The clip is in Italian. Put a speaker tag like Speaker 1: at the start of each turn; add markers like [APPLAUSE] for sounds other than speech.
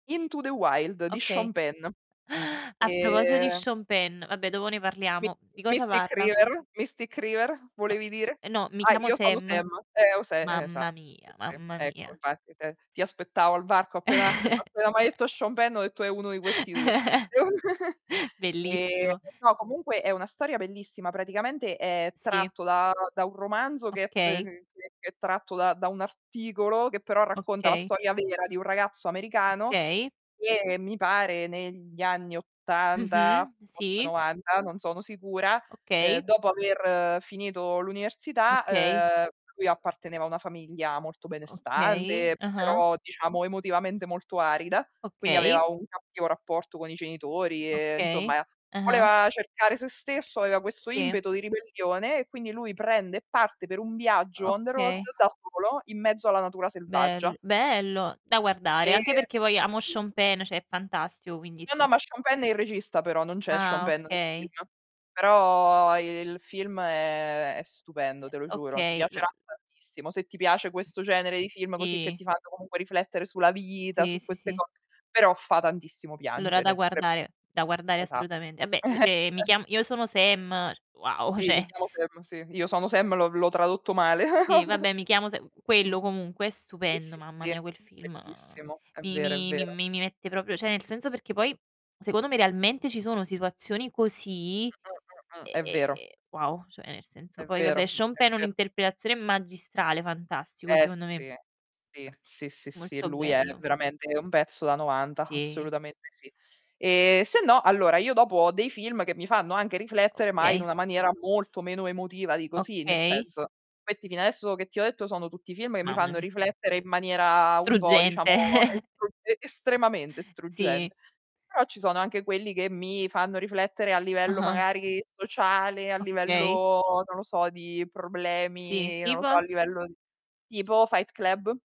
Speaker 1: Into the Wild di
Speaker 2: Ok.
Speaker 1: Sean Penn,
Speaker 2: [GASPS] A proposito di
Speaker 1: e
Speaker 2: Sean Penn, vabbè dopo ne
Speaker 1: My
Speaker 2: parliamo. Di cosa
Speaker 1: Mystic
Speaker 2: parla?
Speaker 1: River, Mystic River
Speaker 2: No,
Speaker 1: volevi dire?
Speaker 2: ehm, no Mi
Speaker 1: Ah,
Speaker 2: chiamo
Speaker 1: Io sono
Speaker 2: Sam.
Speaker 1: Sam, ehm, o Sa esatto,
Speaker 2: Mamma
Speaker 1: sì
Speaker 2: mia,
Speaker 1: sì,
Speaker 2: mamma
Speaker 1: ecco
Speaker 2: mia.
Speaker 1: infatti, t ti aspettavo al varco appena
Speaker 2: [CHUCKLES]
Speaker 1: appena m'hai detto Sean Penn ho detto: "È uno di questi 2".
Speaker 2: [LAUGHS]
Speaker 1: [GIGGLES] Ehm,
Speaker 2: Bellissimo.
Speaker 1: no comunque è una storia bellissima, praticamente è
Speaker 2: Sì.
Speaker 1: tratto da da un romanzo che c c
Speaker 2: Okay.
Speaker 1: che è tratto da da un articolo, che però racconta la
Speaker 2: Okay.
Speaker 1: storia vera di un ragazzo americano
Speaker 2: Okay.
Speaker 1: che mi pare negli anni '80,
Speaker 2: Mh-mh,
Speaker 1: forse
Speaker 2: sì.
Speaker 1: '90, non sono sicura, ehm,
Speaker 2: Okay.
Speaker 1: dopo aver finito l'università,
Speaker 2: Okay.
Speaker 1: ehm, lui apparteneva a una famiglia molto
Speaker 2: Okay,
Speaker 1: benestante,
Speaker 2: ah-ah.
Speaker 1: però diciamo emotivamente molto arida, quindi
Speaker 2: Okay.
Speaker 1: aveva un cattivo rapporto con i genitori e,
Speaker 2: Okay,
Speaker 1: insomma,
Speaker 2: ah-ah.
Speaker 1: voleva cercare se stesso, aveva questo
Speaker 2: Sì.
Speaker 1: impeto di ribellione, e quindi lui prende e parte per un viaggio on the road,
Speaker 2: Okay.
Speaker 1: da solo, in mezzo alla natura selvaggia.
Speaker 2: Bel bello! Da guardare,
Speaker 1: E
Speaker 2: anche perché poi amo
Speaker 1: Si.
Speaker 2: Sean Penn, cioè è fantastico quindi
Speaker 1: No,
Speaker 2: sì
Speaker 1: no ma Sean Penn è il regista però, non c'è Sean
Speaker 2: Ah,
Speaker 1: Penn nel
Speaker 2: okay.
Speaker 1: film. Però il film
Speaker 2: Ehm,
Speaker 1: è è stupendo, te lo giuro. Ti
Speaker 2: okay, lo
Speaker 1: piacerà tantissimo. Se ti piace questo genere di film così, che
Speaker 2: Sì
Speaker 1: ti fanno comunque riflettere sulla vita,
Speaker 2: Sì,
Speaker 1: su
Speaker 2: sì,
Speaker 1: queste
Speaker 2: sì.
Speaker 1: cose, però fa tantissimo
Speaker 2: Allora da
Speaker 1: piangere, pre
Speaker 2: guardare da guardare
Speaker 1: esa
Speaker 2: assolutamente. Vabbè, ehm, Mi
Speaker 1: [CHUCKLES]
Speaker 2: chiam Io sono Sam, wow
Speaker 1: Sì, Mi
Speaker 2: cioè.
Speaker 1: chiamo Sam, sì. Io sono Sam, l'ho l'ho tradotto male
Speaker 2: Sì
Speaker 1: [GIGGLES]
Speaker 2: vabbè mi chiamo Sa
Speaker 1: Mh.
Speaker 2: quello comunque è
Speaker 1: Sì,
Speaker 2: stupendo,
Speaker 1: sì,
Speaker 2: mamma
Speaker 1: si,
Speaker 2: mia quel film
Speaker 1: bellissimo. È
Speaker 2: mi
Speaker 1: vero, è
Speaker 2: mi mi
Speaker 1: vero.
Speaker 2: mi mette proprio cioè nel senso perché poi, secondo me realmente ci sono situazioni così
Speaker 1: Mh, mh, mh, mh,
Speaker 2: e
Speaker 1: è
Speaker 2: e
Speaker 1: vero.
Speaker 2: e wow, cioè nel senso
Speaker 1: È
Speaker 2: poi
Speaker 1: vero,
Speaker 2: vabbè Sean
Speaker 1: è
Speaker 2: Penn è
Speaker 1: vero.
Speaker 2: un'interpretazione magistrale, fantastico
Speaker 1: Eh
Speaker 2: secondo me.
Speaker 1: sì, sì, sì, sì, sì
Speaker 2: Molto
Speaker 1: lui è
Speaker 2: bello.
Speaker 1: veramente un pezzo da novanta,
Speaker 2: Sì.
Speaker 1: assolutamente sì. E, sennò, allora io dopo ho dei film che mi fanno anche riflettere, ma in
Speaker 2: Okay.
Speaker 1: una maniera molto meno emotiva di così, nel
Speaker 2: Okay.
Speaker 1: senso, questi fino adesso che ti ho detto sono tutti film che mi
Speaker 2: Mamma
Speaker 1: fanno
Speaker 2: mia.
Speaker 1: riflettere in maniera un po' diciamo
Speaker 2: Struggente [CHUCKLES]
Speaker 1: strugge estremamente
Speaker 2: Sì.
Speaker 1: struggente. Però ci sono anche quelli che mi fanno riflettere a livello
Speaker 2: Ah-ah.
Speaker 1: magari sociale, a
Speaker 2: Okay.
Speaker 1: livello, non lo so, di
Speaker 2: Sì,
Speaker 1: problemi, non lo so
Speaker 2: tipo?
Speaker 1: a livello tipo Fight Club.